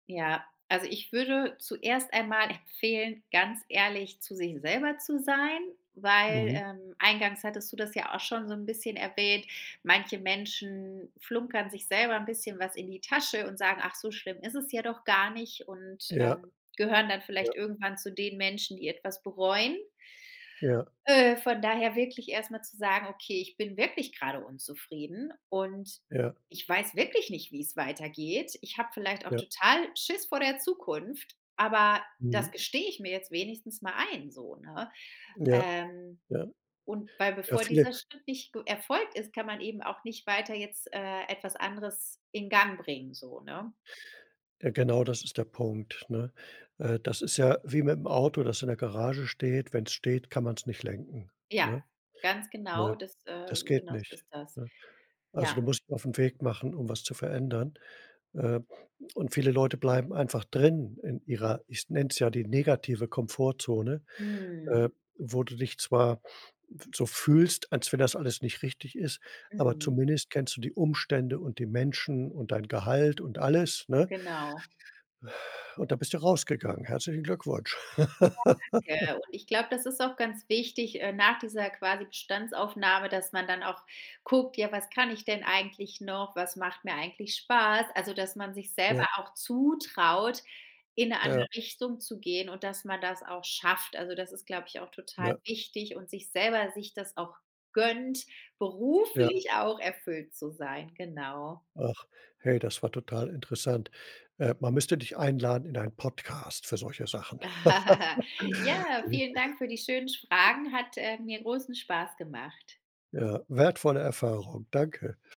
Ja, also, ich würde zuerst einmal empfehlen, ganz ehrlich zu sich selber zu sein, weil, Mhm. ähm, eingangs hattest du das ja auch schon so 'n bisschen erwähnt, manche Menschen flunkern sich selber 'n bisschen was in die Tasche und sagen: „Ach, so schlimm ist es ja doch gar nicht" Und, Ja. ähm, gehören dann vielleicht Ja. irgendwann zu den Menschen, die etwas bereuen. Ja. Äh, von daher wirklich erst mal zu sagen: „Okay, ich bin wirklich grade unzufrieden und Ja. ich weiß wirklich nicht, wie's weitergeht. Ich habe vielleicht auch Ja. total Schiss vor der Zukunft, aber das Mhm. gestehe ich mir jetzt wenigstens mal ein." So, ne? Ja. Ähm, Ja. Und weil Ja, bevor viele dieser Schritt nicht ge erfolgt ist, kann man eben auch nicht weiter jetzt, äh, etwas anderes in Gang bringen so, ne? Genau das ist der Punkt, ne? Äh, das ist ja wie mit dem Auto, das in der Garage steht, wenn es steht, kann man es nicht lenken, Ja, ne? ganz Weil, genau, das, äh, das geht genau so nicht. ist das. Ne, also, du Ja. musst dich auf 'n Weg machen, um was zu verändern. Äh, und viele Leute bleiben einfach drin in ihrer, ich nenne es ja die negative Komfortzone, äh, Mhm. wo du dich zwar so fühlst, als wenn das alles nicht richtig ist, aber Mhm. zumindest kennst du die Umstände und die Menschen und dein Gehalt und alles, ne? Genau. Und da bist du rausgegangen, herzlichen Glückwunsch. Ja. Ja, ja, und ich glaube das ist auch ganz wichtig, äh, nach dieser quasi Bestandsaufnahme, dass man dann auch guckt: „Ja was kann ich denn eigentlich noch? Was macht mir eigentlich Spaß?“ Also, dass man sich selber Ja. auch zutraut in 'ne Ja. andere Richtung zu gehen und dass man das auch schafft. Also, das ist glaube ich auch total Ja. wichtig und sich selber sich das auch gönnt, Ja. beruflich auch erfüllt zu sein. Genau. Ach, hey, das war total interessant. Äh, man müsste dich einladen in einen Podcast für solche Sachen. Ja, vielen Dank für die schönen sch Fragen! Hat, äh, mir großen Spaß gemacht. Ja, wertvolle Erfahrung, danke.